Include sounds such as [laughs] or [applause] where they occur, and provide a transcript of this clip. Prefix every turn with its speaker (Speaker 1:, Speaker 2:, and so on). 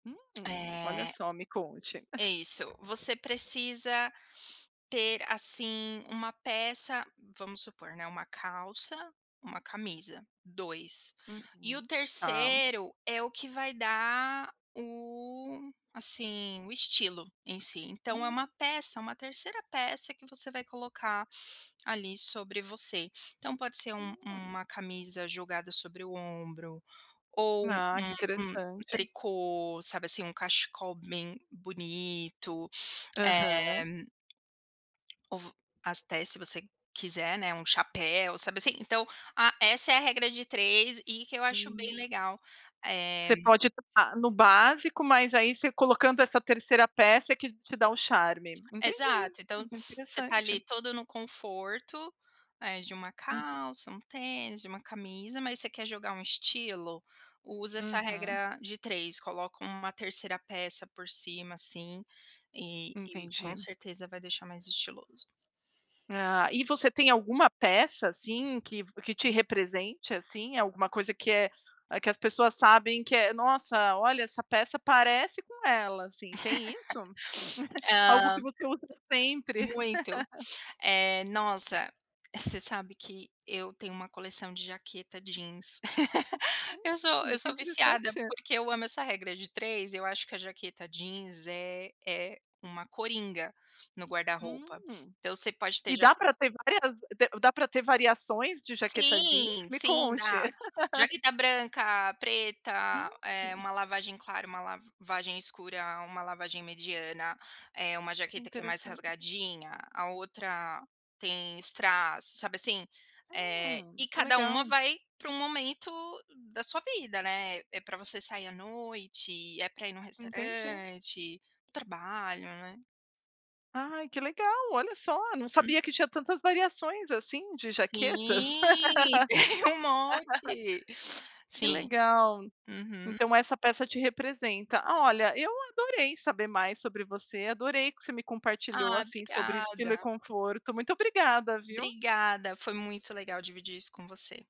Speaker 1: Hum, olha
Speaker 2: Eh
Speaker 1: só me conte. [chuckles]
Speaker 2: Isso, você precisa ter, assim, 1 peça vamos supor, né, 1 calça, 1 camisa, 2. E o
Speaker 1: Uhum. Tá.
Speaker 2: 3° é o que vai dar o assim, o estilo em si. Então, é
Speaker 1: Hum.
Speaker 2: uma peça, uma 3° peça que você vai colocar ali sobre você. Então, pode ser u uma
Speaker 1: Hum.
Speaker 2: uma camisa jogada sobre o ombro, ou
Speaker 1: Ah, que
Speaker 2: um um
Speaker 1: interessante.
Speaker 2: tricô, sabe assim, um cachecol bem bonito. Eh
Speaker 1: Aham.
Speaker 2: ou v até se você q quiser, né, um chapéu, sabe, assim. Então, a essa é a regra de 3 e que eu acho bem
Speaker 1: Hum.
Speaker 2: legal. Eh
Speaker 1: Você pode estar no básico, mas aí você colocando essa 3° peça é que te dá o charme. Entendi.
Speaker 2: Exato. Então, você tá ali
Speaker 1: Interessante.
Speaker 2: todo no conforto, eh, de uma
Speaker 1: Hum.
Speaker 2: calça, um tênis, de uma camisa mas você quer jogar um estilo, usa essa
Speaker 1: Uhum.
Speaker 2: regra de 3, coloca uma 3° peça por cima, assim, e e com
Speaker 1: Entendi.
Speaker 2: certeza vai deixar mais estiloso.
Speaker 1: Ah, e você tem alguma peça, assim, que que te represente, assim? Alguma coisa que é que as pessoas sabem que é: "Nossa, olha, essa peça parece com ela." Assim, tem isso?
Speaker 2: [laughs]
Speaker 1: [chuckles] Algo que
Speaker 2: Hã
Speaker 1: você usa sempre.
Speaker 2: Muito.
Speaker 1: [laughs]
Speaker 2: Eh, nossa, você sabe que eu tenho uma coleção de jaqueta jeans. [laughs] Eu sou eu
Speaker 1: Hum, que
Speaker 2: sou viciada
Speaker 1: interessante.
Speaker 2: porque
Speaker 1: [chuckles]
Speaker 2: eu amo essa regra de 3, eu acho que a jaqueta jeans é é uma coringa no guarda-roupa.
Speaker 1: Hum.
Speaker 2: Então, você pode ter
Speaker 1: E
Speaker 2: jaq
Speaker 1: dá para ter várias d dá para ter variações de jaqueta jeans?
Speaker 2: Sim,
Speaker 1: Me
Speaker 2: sim
Speaker 1: conte.
Speaker 2: dá.
Speaker 1: [laughs]
Speaker 2: Jaqueta branca, preta, eh,
Speaker 1: Hum.
Speaker 2: uma lavagem clara, uma lavagem escura, uma lavagem mediana, eh, uma jaqueta que é mais
Speaker 1: Interessante.
Speaker 2: rasgadinha, a outra tem strass, sabe assim? Eh,
Speaker 1: Hum.
Speaker 2: e
Speaker 1: Qtue
Speaker 2: cada uma
Speaker 1: legal.
Speaker 2: vai para um momento da sua vida, né. É para você sair à noite, é para ir no
Speaker 1: Entendi.
Speaker 2: restaurante, trabalho, né.
Speaker 1: Ai, que legal! Olha só, não
Speaker 2: Uhum.
Speaker 1: sabia que tinha tantas variações assim de jaquetas.
Speaker 2: Sim, tem um monte.
Speaker 1: [laughs] Que
Speaker 2: Sim.
Speaker 1: legal.
Speaker 2: Uhum.
Speaker 1: Então, essa peça te representa. Olha, eu adorei saber mais sobre você, adorei o que você me compartilhou,
Speaker 2: Ah,
Speaker 1: assim, sobre estilo e
Speaker 2: obrigada.
Speaker 1: conforto, muito obrigada, viu.
Speaker 2: Obrigada, foi muito legal dividir isso com você.